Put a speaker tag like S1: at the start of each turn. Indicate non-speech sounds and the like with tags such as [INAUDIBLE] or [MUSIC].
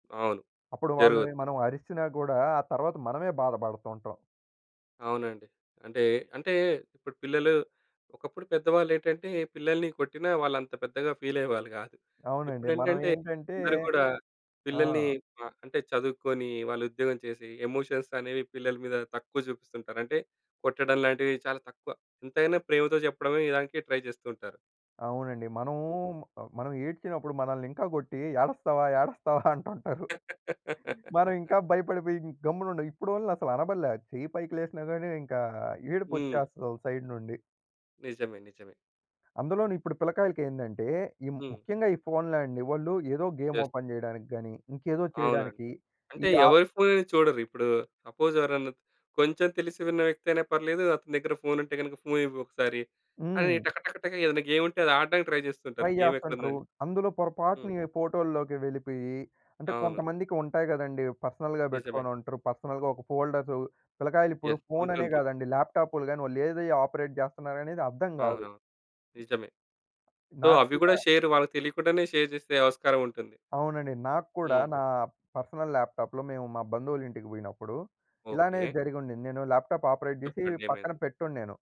S1: అవును.
S2: అప్పుడు వాళ్ళని
S1: జరుగుతుంది.
S2: మనం అరిచినా గూడా ఆ తరువాత మనమే బాధబడుతూ ఉంటాం.
S1: అవునండి. అంటే, అంటే ఇప్పుడు పిల్లలు ఒకప్పుడు పెద్దవాళ్ళేంటంటే పిల్లల్ని కొట్టినా, వాళ్ళు అంత పెద్దగా ఫీలయ్యేవాళ్ళు కాదు.
S2: అవునండి. మనం
S1: ఇప్పుడేంటంటే,
S2: ఏంటంటే
S1: అందరూ గూడా
S2: ఆ!
S1: పిల్లల్ని అంటే చదువుకొని, వాళ్ళు ఉద్యోగం చేసి ఎమోషన్స్ అనేవి పిల్లల మీద తక్కువ చూపిస్తుంటారు. అంటే కొట్టడం లాంటివి చాలా తక్కువ ఎంతైనా ప్రేమతో చెప్పడమే ఇదానికి ట్రై చేస్తూ ఉంటారు.
S2: అవునండి. మనము,
S1: హ్మ్.
S2: మనం ఏడ్చినప్పుడు మనల్ని ఇంకా గొట్టి "ఏడస్తావా! ఏడస్తావా!" [CHUCKLES] అంటుంటారు. మనం
S1: [LAUGHS]
S2: ఇంకా భయపడిపోయి గమ్మునుండాం. ఇప్పుడోలిని అసలు అనబడలే, చెయ్యి పైకి లేసినా గాని ఇంకా
S1: హ్మ్.
S2: ఏడుపొచ్చేస్తది వోళ్ల సైడ్ నుండి.
S1: నిజమే నిజమే.
S2: అందులోన ఇప్పుడు పిల్లలకాయలకి ఏందంటే, ఈ
S1: హ్మ్.
S2: ముఖ్యంగా ఈ ఫోనులాండి. వాళ్ళు ఏదో గేమ్
S1: యెస్.
S2: ఓపెన్ జేయడానికి గాని, ఇంకేదో
S1: అవునండి.
S2: చేయడానికి, ఈ
S1: అంటే
S2: ఆహ్
S1: ఎవరి ఫోన్ అని చూడరిప్పుడు, ఇప్పుడు సపోజ్ ఎవరైనా కొంచెం తెలిసి విన్న వ్యక్తి అయినా పర్లేదు, అతని దగ్గర ఫోనుంటే గనక ఫోను ఇవ్వు ఒకసారి అని,
S2: హ్మ్.
S1: టక టక టక ఏదైనా గేముంటే అది ఆడడానికి ట్రై జేస్తుంటారు.
S2: ట్రై
S1: గేమెక్కడుందో
S2: జేస్తాంటురు.
S1: అని.
S2: అందులో
S1: హ్మ్.
S2: పొరపాటున ఫోటోల్లోకి వెళ్ళిపోయి అంటే
S1: అవును.
S2: కొంతమందికి ఉంటాయి గదండీ! పర్సనల్‌గా
S1: నిజమే.
S2: పెట్టుకొని ఉంటారు. పర్సనల్‌గా ఒక ఫోల్డర్స్ పిల్లకాయలు ఇప్పుడు
S1: యెస్.
S2: ఫోన్ అనే
S1: ఉంటుంటాయి.
S2: గాదండి, ల్యాప్‌టాప్లు గాని వాళ్ళు ఏది ఆపరేట్ జేస్తున్నారనేది అర్థం గాదు.
S1: అవునవును నిజమే. సో
S2: నాకు
S1: అవ్వి
S2: కూడా
S1: గూడా షేర్, వాళ్ళకి తెలియకుండానే షేర్ జేసే ఆస్కారముంటుంది.
S2: అవునండి. నాకు కూడా
S1: హ్మ్.
S2: నా పర్సనల్ ల్యాప్‌టాప్‌లో మేము మా బంధువుల ఇంటికి బోయినప్పుడు ఇలానే
S1: ఓకే.
S2: జరిగుండింది. నేను ల్యాప్‌టాప్‌ ఆపరేట్ జేసి
S1: చెప్పండి ఏమైంది?
S2: పక్కన పెట్టొను నేను.